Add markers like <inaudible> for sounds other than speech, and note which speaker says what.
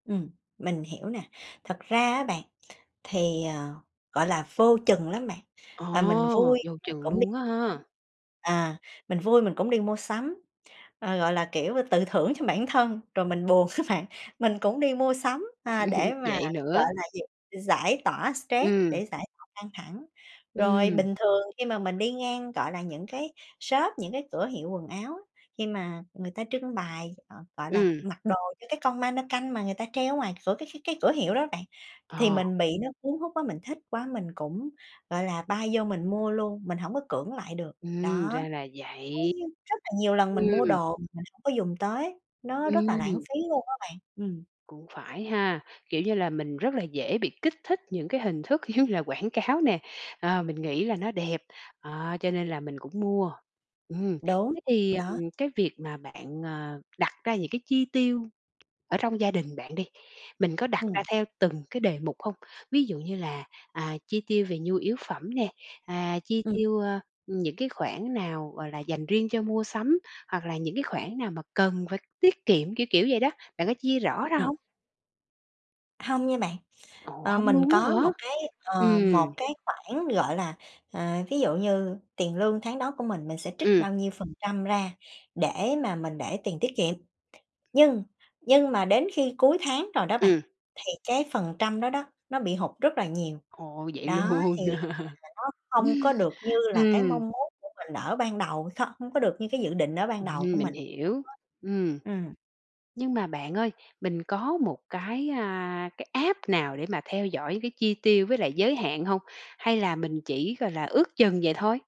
Speaker 1: Ừm, mình hiểu nè, thật ra á bạn thì, à, gọi là, vô chừng lắm bạn. À, mình
Speaker 2: Ồ!
Speaker 1: vui
Speaker 2: Vô
Speaker 1: mình
Speaker 2: chừng
Speaker 1: cũng đi
Speaker 2: luôn á ha.
Speaker 1: sắm, à, mình vui mình cũng đi mua sắm, ờ, gọi là, kiểu, tự thưởng cho bản thân, rồi mình buồn á bạn, mình cũng đi mua sắm, à, để
Speaker 2: <chuckles>
Speaker 1: mà,
Speaker 2: Vậy
Speaker 1: gọi
Speaker 2: nữa.
Speaker 1: là gì, giải tỏa stress,
Speaker 2: Ừm.
Speaker 1: để giải tỏa căng thẳng. Rồi
Speaker 2: Ừm.
Speaker 1: bình thường khi mà mình đi ngang, gọi là, những cái shop, những cái cửa hiệu quần áo, khi mà người ta trưng bày, à, gọi là,
Speaker 2: Ừm.
Speaker 1: mặc đồ cho cái con ma-nơ-canh mà người ta treo ở ngoài cửa cái cái cái cửa hiệu đó bạn, thì
Speaker 2: Ờ.
Speaker 1: mình bị nó cuốn hút quá, mình thích quá mình cũng, gọi là, bay vô mình mua luôn, mình hổng có cưỡng lại được,
Speaker 2: Ừm,
Speaker 1: đó.
Speaker 2: ra là
Speaker 1: Đấy,
Speaker 2: vậy.
Speaker 1: rất là nhiều lần mình mua
Speaker 2: Ừm.
Speaker 1: đồ mà mình hông có dùng tới, nó rất là lãng
Speaker 2: Ừm.
Speaker 1: phí luôn á bạn. Ừm.
Speaker 2: Cũng phải ha. Kiểu, như là mình rất là dễ bị kích thích những cái hình thức giống như là quảng cáo nè. À, mình nghĩ là nó đẹp, ờ, cho nên là mình cũng mua. Ừm,
Speaker 1: Đúng,
Speaker 2: thế thì,
Speaker 1: đó.
Speaker 2: ừm, cái việc mà bạn, à, đặt ra những cái chi tiêu ở trong gia đình bạn đi, mình có đặt ra
Speaker 1: Ừm.
Speaker 2: theo từng cái đề mục hông? Ví dụ như là, à, chi tiêu về nhu yếu phẩm nè, à, chi
Speaker 1: Ừm.
Speaker 2: tiêu, ơ, những cái khoản nào, gọi là, dành riêng cho mua sắm, hoặc là những cái khoản nào mà cần phải tiết kiệm, kiểu, kiểu, vậy đó, bạn có chia rõ ra
Speaker 1: Ừm.
Speaker 2: hông?
Speaker 1: Hông nha bạn.
Speaker 2: Ồ!
Speaker 1: Ờ,
Speaker 2: Hông
Speaker 1: mình
Speaker 2: luôn á
Speaker 1: có
Speaker 2: hả?
Speaker 1: một cái, ờ,
Speaker 2: Ừm.
Speaker 1: một cái khoản, gọi là, ờ, ví dụ như tiền lương tháng đó của mình, mình sẽ trích
Speaker 2: Ừm.
Speaker 1: bao nhiêu phần trăm ra để mà mình để tiền tiết kiệm. Nhưng, nhưng mà đến khi cuối tháng rồi đó bạn,
Speaker 2: Ừm.
Speaker 1: thì cái phần trăm đó đó nó bị hụt rất là nhiều,
Speaker 2: Ồ. Vậy
Speaker 1: đó,
Speaker 2: luôn.
Speaker 1: thì hiện tại nó không có được như
Speaker 2: <laughs>
Speaker 1: là cái
Speaker 2: Ừm.
Speaker 1: mong muốn của mình ở ban đầu, không có được như cái dự định ở ban đầu
Speaker 2: Ừm,
Speaker 1: của
Speaker 2: mình
Speaker 1: mình.
Speaker 2: hiểu.
Speaker 1: Đó.
Speaker 2: Ừm.
Speaker 1: Ừm.
Speaker 2: Nhưng mà bạn ơi, mình có một cái, a, cái app nào để mà theo dõi cái chi tiêu với lại giới hạn hông, hay là mình chỉ, gọi là, ước chừng vậy thôi?